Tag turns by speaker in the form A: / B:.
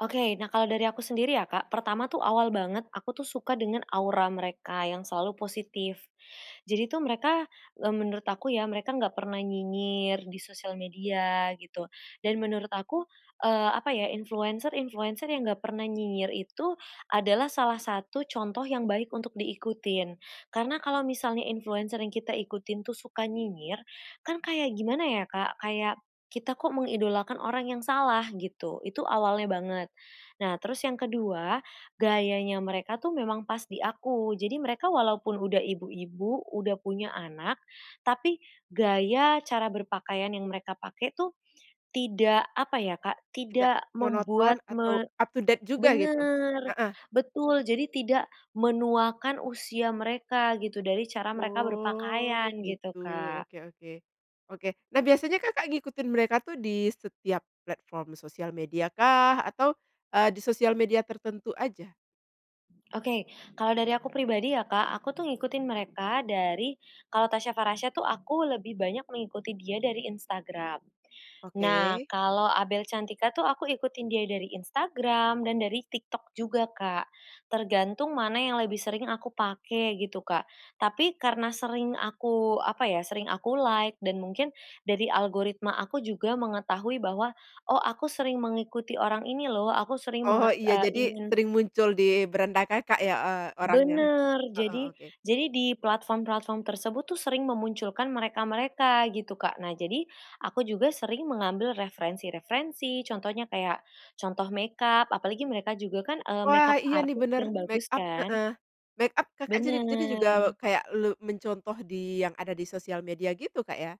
A: Oke. Nah kalau dari aku sendiri ya, Kak. Pertama tuh, awal banget aku tuh suka dengan aura mereka yang selalu positif. Jadi tuh mereka, eee, menurut aku ya, mereka enggak pernah nyinyir di social media gitu, dan menurut aku, eee, apa ya, influenser-influenser yang enggak pernah nyinyir itu adalah salah satu contoh yang baik untuk diikutin, karena kalau misalnya influenser yang kita ikutin tuh suka nyinyir, kan kayak gimana ya, Kak, kayak kita kok mengidolakan orang yang salah gitu, itu awalnya banget. Nah terus yang ke-2, gayanya mereka tuh memang pas di aku. Jadi mereka walaupun udah ibu-ibu, udah punya anak, tapi gaya, cara berpakaian yang mereka pakai tuh tidak, apa ya, Kak,
B: Tidak
A: tidak
B: monoton
A: membuat
B: atau
A: me
B: up to date juga gitu?
A: benar,
B: Heeh.
A: betul. Jadi tidak menuakan usia mereka gitu dari cara mereka berpakaian
B: Oh,
A: gitu,
B: gitu.
A: Kak.
B: Oke oke. Oke. Nah biasanya Kakak ngikutin mereka tuh di setiap platform social media-kah? Atau, eee, di soial media tertentu aja?
A: Oke. Kalau dari aku pribadi ya, Kak, aku tuh ngikutin mereka dari kalau Tasya Farasya tuh aku lebih banyak mengikuti dia dari Instagram. Nah
B: Oke.
A: kalau Abel Cantika tuh aku ikutin dia dari Instagram dan dari TikTok juga, Kak, tergantung mana yang lebih sering aku pakai gitu, Kak, tapi karena sering aku, apa ya, sering aku like dan mungkin dari algoritma aku juga mengetahui bahwa, oh aku sering mengikuti orang ini loh, aku sering
B: Oh,
A: menget
B: iya.
A: eee,
B: Jadi
A: ingin
B: sering muncul di beranda Kakak ya, eee, orangnya?
A: Benar.
B: Heeh,
A: Jadi
B: oke.
A: jadi di platform-platform tersebut tuh sering memunculkan mereka-mereka gitu, Kak. Nah jadi aku juga sering mengambil referensi-referensi. Contohnya kayak contoh makeup apalagi mereka juga kan, eee,
B: Wah,
A: makeup
B: iya nih
A: artist
B: benar
A: yang bagus
B: makeup
A: kan.
B: heeh, makeup Kakak jadi jadi juga
A: Benar.
B: kayak elu mencontoh di yang ada di social media gitu, Kak, ya?